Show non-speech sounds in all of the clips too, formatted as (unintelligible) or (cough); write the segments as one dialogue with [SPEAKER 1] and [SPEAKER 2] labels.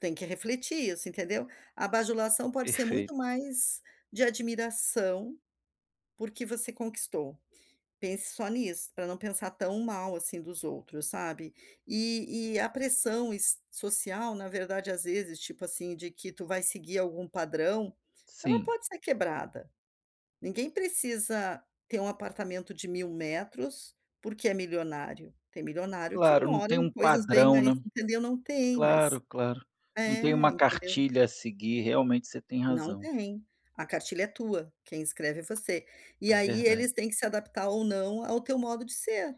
[SPEAKER 1] Tem que refletir isso, entendeu. A bajulação pode ser
[SPEAKER 2] Perfeito.
[SPEAKER 1] muito mais de admiração, porque você conquistou. Pense só nisso, pra não pensar tão mal assim dos outros, sabe. E e a pressão es social na verdade, às vezes, tipo assim, de que tu vai seguir algum padrão, ela
[SPEAKER 2] Sim.
[SPEAKER 1] pode ser quebrada. Ninguém precisa ter um apartamento de 1000 metros, porque é milionário. Tem milionário que
[SPEAKER 2] Claro, não
[SPEAKER 1] mora
[SPEAKER 2] tem
[SPEAKER 1] em
[SPEAKER 2] um
[SPEAKER 1] coisas bem
[SPEAKER 2] padrão,
[SPEAKER 1] mais,
[SPEAKER 2] né.
[SPEAKER 1] entendeu, não tem,
[SPEAKER 2] Claro,
[SPEAKER 1] mas,
[SPEAKER 2] claro. Não tem
[SPEAKER 1] eh,
[SPEAKER 2] uma
[SPEAKER 1] entendeu.
[SPEAKER 2] cartilha a seguir, realmente você tem
[SPEAKER 1] Não
[SPEAKER 2] razão.
[SPEAKER 1] tem. A cartilha é tua, quem escreve é você. E
[SPEAKER 2] É
[SPEAKER 1] aí
[SPEAKER 2] verda
[SPEAKER 1] eles têm que se adaptar ou não ao teu modo de ser.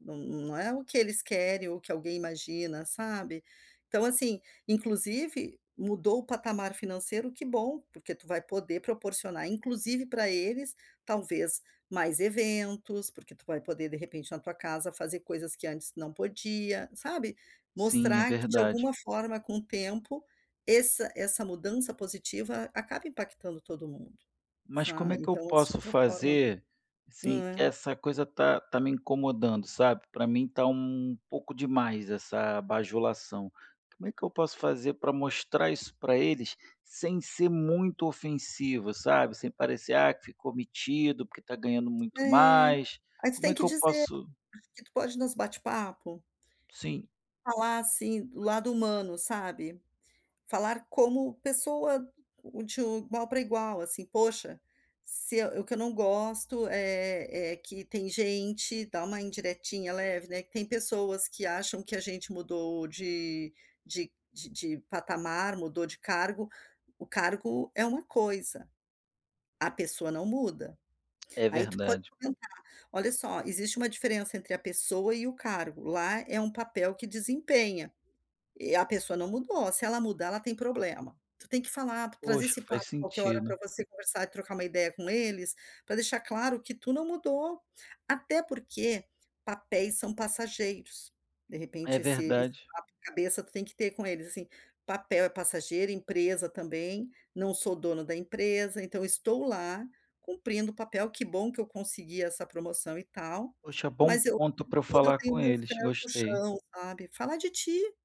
[SPEAKER 1] Não não é o que eles querem ou o que alguém imagina, sabe. Então, assim, inclusive mudou o patamar financeiro, que bom, porque tu vai poder proporcionar inclusive pra eles talvez mais eventos, porque tu vai poder de repente na tua casa fazer coisas que antes não podia, sabe.
[SPEAKER 2] Sim, é
[SPEAKER 1] Mostrar que de
[SPEAKER 2] verdade.
[SPEAKER 1] alguma forma com o tempo, esse essa mudança positiva acaba impactando todo mundo,
[SPEAKER 2] Mas como
[SPEAKER 1] sa
[SPEAKER 2] é que eu
[SPEAKER 1] então
[SPEAKER 2] posso
[SPEAKER 1] (unintelligible) forma.
[SPEAKER 2] fazer, assim, que
[SPEAKER 1] É.
[SPEAKER 2] essa coisa tá tá me incomodando, sabe. Pra mim tá um pouco demais essa bajulação. Como é que eu posso fazer pra mostrar isso pra eles sem ser muito ofensivo, sabe, sem parecer: "Ah, que ficou metido porque tá ganhando
[SPEAKER 1] É,
[SPEAKER 2] muito mais".
[SPEAKER 1] aí tu
[SPEAKER 2] Como
[SPEAKER 1] tem
[SPEAKER 2] é
[SPEAKER 1] que
[SPEAKER 2] que eu
[SPEAKER 1] dizer
[SPEAKER 2] posso
[SPEAKER 1] e tu pode nos bate-papo.
[SPEAKER 2] Sim.
[SPEAKER 1] Falar, assim, o lado humano, sabe. Falar como pessoa, de igual pra igual, assim: "Poxa, se o que eu não gosto é é que tem gente" dá uma indiretinha leve, né: "Tem pessoas que acham que a gente mudou de de de de patamar, mudou de cargo, o cargo é uma coisa, a pessoa não muda".
[SPEAKER 2] É
[SPEAKER 1] Aí tu pode
[SPEAKER 2] verdade.
[SPEAKER 1] comentar: "Olha só, existe uma diferença entre a pessoa e o cargo. Lá é um papel que desempenha. E a pessoa não mudou, se ela mudar ela tem problema". Tu tem que falar, trazer
[SPEAKER 2] Poxa,
[SPEAKER 1] esse
[SPEAKER 2] faz
[SPEAKER 1] papo qualquer hora
[SPEAKER 2] sentido.
[SPEAKER 1] pra você conversar e trocar uma ideia com eles, pra deixar claro que tu não mudou. Até porque papéis são passageiros. De
[SPEAKER 2] É
[SPEAKER 1] repente esse esse
[SPEAKER 2] verdade.
[SPEAKER 1] papo cabeça tu tem que ter com eles, assim: "Papel é passageiro, empresa também. Não sou dono da empresa, então estou lá, cumprindo o papel. Que bom que eu consegui essa promoção e tal,
[SPEAKER 2] Poxa, bom
[SPEAKER 1] mas eu
[SPEAKER 2] ponto pra eu
[SPEAKER 1] (unintelligible) eu
[SPEAKER 2] falar com
[SPEAKER 1] tenho meus
[SPEAKER 2] eles,
[SPEAKER 1] pés no
[SPEAKER 2] gostei.
[SPEAKER 1] chão", sabe, falar de ti.